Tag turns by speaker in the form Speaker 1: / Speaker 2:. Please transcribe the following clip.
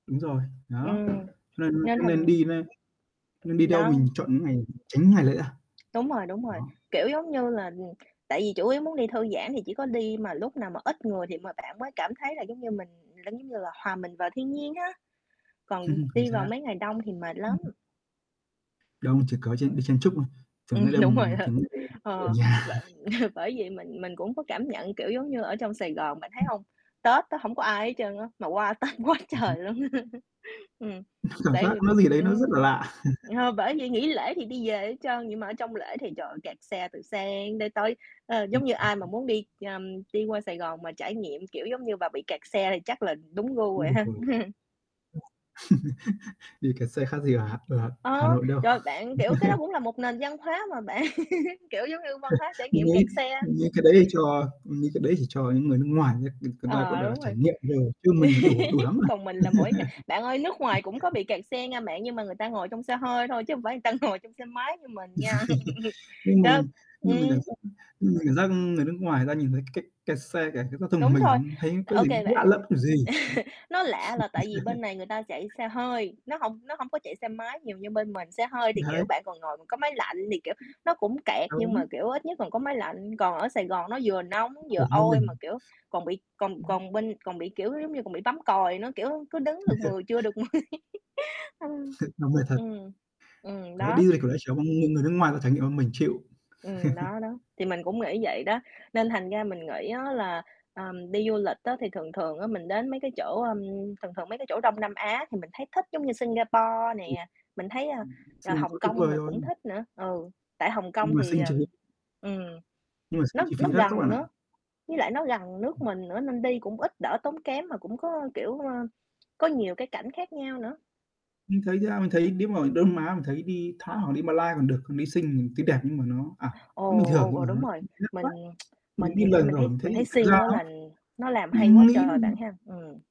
Speaker 1: Đúng rồi, đó, cho
Speaker 2: Ừm,
Speaker 1: nên
Speaker 2: nên
Speaker 1: cho nên
Speaker 2: thành
Speaker 1: đi nên nên đi đâu
Speaker 2: Đó.
Speaker 1: mình chọn những ngày tránh những ngày lễ à.
Speaker 2: Đúng rồi, đúng rồi,
Speaker 1: Đó.
Speaker 2: kiểu, giống như là, tại vì chủ yếu muốn đi thư giãn thì chỉ có đi mà lúc nào mà ít người thì mà bạn mới cảm thấy là giống như mình giống giống như là, hòa mình vào thiên nhiên á, còn
Speaker 1: Chính
Speaker 2: đi vào
Speaker 1: xác.
Speaker 2: mấy ngày đông thì mệt lắm.
Speaker 1: Ừm, ừm. Đông, chỉ có chen đi chen chúc thôi, thường hay
Speaker 2: Ừm, đúng rồi
Speaker 1: đầm
Speaker 2: á.
Speaker 1: thường [unintelligible] ở
Speaker 2: Ờ.
Speaker 1: nhà.
Speaker 2: Bạn bởi vì mình mình cũng có cảm nhận, kiểu, giống như ở trong Sài Gòn, bạn thấy hông? Tết á hổng có ai hết trơn á, mà qua Tết quá
Speaker 1: Ừm hứm.
Speaker 2: trời luôn. Ừm,
Speaker 1: Cảm
Speaker 2: tại
Speaker 1: giác
Speaker 2: vì
Speaker 1: có gì đấy nó rất là
Speaker 2: ừm,
Speaker 1: lạ.
Speaker 2: ờ, bởi vì nghỉ lễ thì đi về hết trơn vậy mà ở trong lễ thì, trời ơi, kẹt xe từ sáng đến tối. Ờ,
Speaker 1: Ừm.
Speaker 2: giống như ai mà
Speaker 1: [unintelligible]
Speaker 2: muốn đi, ừm, đi qua Sài Gòn mà trải nghiệm, kiểu, giống như mà bị kẹt xe thì chắc là đúng gu rồi ha.
Speaker 1: [unintelligible] Đi kẹt xe khác gì ở Hà ở Hà Hà
Speaker 2: Ờ,
Speaker 1: Nội đâu.
Speaker 2: rồi bạn kiểu, cái đó cũng là một nền văn hóa mà bạn, kiểu, giống như, văn hóa trải
Speaker 1: Mình
Speaker 2: nghiệm kẹt
Speaker 1: nghĩ
Speaker 2: xe.
Speaker 1: mình nghĩ cái đấy thì cho như cái đấy thì cho những người nước ngoài người người ta, gọi
Speaker 2: Ờ,
Speaker 1: là,
Speaker 2: đúng
Speaker 1: trải
Speaker 2: rồi.
Speaker 1: nghiệm đồ, chứ mình đủ đủ lắm rồi.
Speaker 2: Còn mình là mỗi ngày bạn ơi, nước ngoài cũng có bị kẹt xe nghe bạn nhưng mà người ta ngồi trong xe hơi thôi, chứ hông phải người ta ngồi trong xe máy như mình nha.
Speaker 1: Nhưng mình
Speaker 2: [unintelligible]
Speaker 1: nhưng mình cảm
Speaker 2: Ừm.
Speaker 1: giác nhưng mình cảm giác, ưm, người nước ngoài người ta nhìn thấy cái cái kẹt xe, cái cái, giao thông của
Speaker 2: Đúng rồi,
Speaker 1: mình thấy có
Speaker 2: ô
Speaker 1: gì
Speaker 2: kê
Speaker 1: lạ
Speaker 2: bạn.
Speaker 1: lẫm kiểu gì.
Speaker 2: Nó lạ là tại vì bên này người ta chạy xe hơi, nó hông nó hông có chạy xe máy nhiều như bên mình, xe hơi thì, kiểu,
Speaker 1: Đấy.
Speaker 2: bạn còn ngồi còn có máy lạnh, thì, kiểu, nó cũng kẹt nhưng
Speaker 1: Đúng.
Speaker 2: mà, kiểu, ít nhất còn có máy lạnh. Còn ở Sài Gòn nó vừa nóng,
Speaker 1: Ờ,
Speaker 2: vừa
Speaker 1: như
Speaker 2: oi
Speaker 1: mình
Speaker 2: mà, kiểu, còn bị còn
Speaker 1: ừm.
Speaker 2: còn bên còn bị, kiểu, giống như còn bị bấm còi nữa, kiểu, cứ đứng được mười chưa được mười ừm.
Speaker 1: Nó vậy thật.
Speaker 2: Ừm. Ừm,
Speaker 1: Đấy,
Speaker 2: đó.
Speaker 1: đi du lịch kiểu đấy, kiểu, mình người nước ngoài bảo trải nghiệm mình chịu.
Speaker 2: Ừm, đó, đó, thì mình cũng nghĩ vậy đó. Nên thành ra mình nghĩ á là, ờm, đi du lịch á thì thường thường á mình đến mấy cái chỗ, ơm thường thường mấy cái chỗ Đông Nam Á thì mình thấy thích giống như Singapore
Speaker 1: Ừm.
Speaker 2: nè. Mình thấy, a,
Speaker 1: Ừm,
Speaker 2: à,
Speaker 1: suy nghĩ
Speaker 2: Hồng
Speaker 1: quá tuyệt
Speaker 2: Kông
Speaker 1: vời
Speaker 2: mình
Speaker 1: rồi.
Speaker 2: cũng thích nữa, ừ. Tại Hồng Kông
Speaker 1: Nhưng mà
Speaker 2: thì,
Speaker 1: Sing
Speaker 2: ờm
Speaker 1: chúng nó
Speaker 2: ừm,
Speaker 1: Nhưng mà Sing
Speaker 2: nó
Speaker 1: chi
Speaker 2: nó
Speaker 1: phí đắt quá
Speaker 2: gần
Speaker 1: bạn ạ.
Speaker 2: nữa với lại nó gần nước mình nữa nên đi cũng ít đỡ tốn kém, mà cũng có, kiểu, ơ, có nhiều cái cảnh khác nhau nữa.
Speaker 1: Mình thấy nha mình thấy nếu mà Đông Nam Á mình thấy đi Thái hoặc đi Malay còn được, còn đi Sing thì tuy đẹp nhưng mà nó, à, nó
Speaker 2: Ồ,
Speaker 1: bình thường,
Speaker 2: ồ,
Speaker 1: nhưng mà
Speaker 2: ồ, đúng
Speaker 1: nó
Speaker 2: rồi,
Speaker 1: chi phí đắt quá.
Speaker 2: mình mình
Speaker 1: Mình đi
Speaker 2: thì theo
Speaker 1: lần
Speaker 2: mình
Speaker 1: rồi
Speaker 2: thấy
Speaker 1: mình thấy
Speaker 2: mình thấy
Speaker 1: thực
Speaker 2: Sing
Speaker 1: ra
Speaker 2: nó
Speaker 1: nó
Speaker 2: lần nó làm hay quá
Speaker 1: mình nghĩ,
Speaker 2: trời bạn
Speaker 1: ừm
Speaker 2: ha, ừm.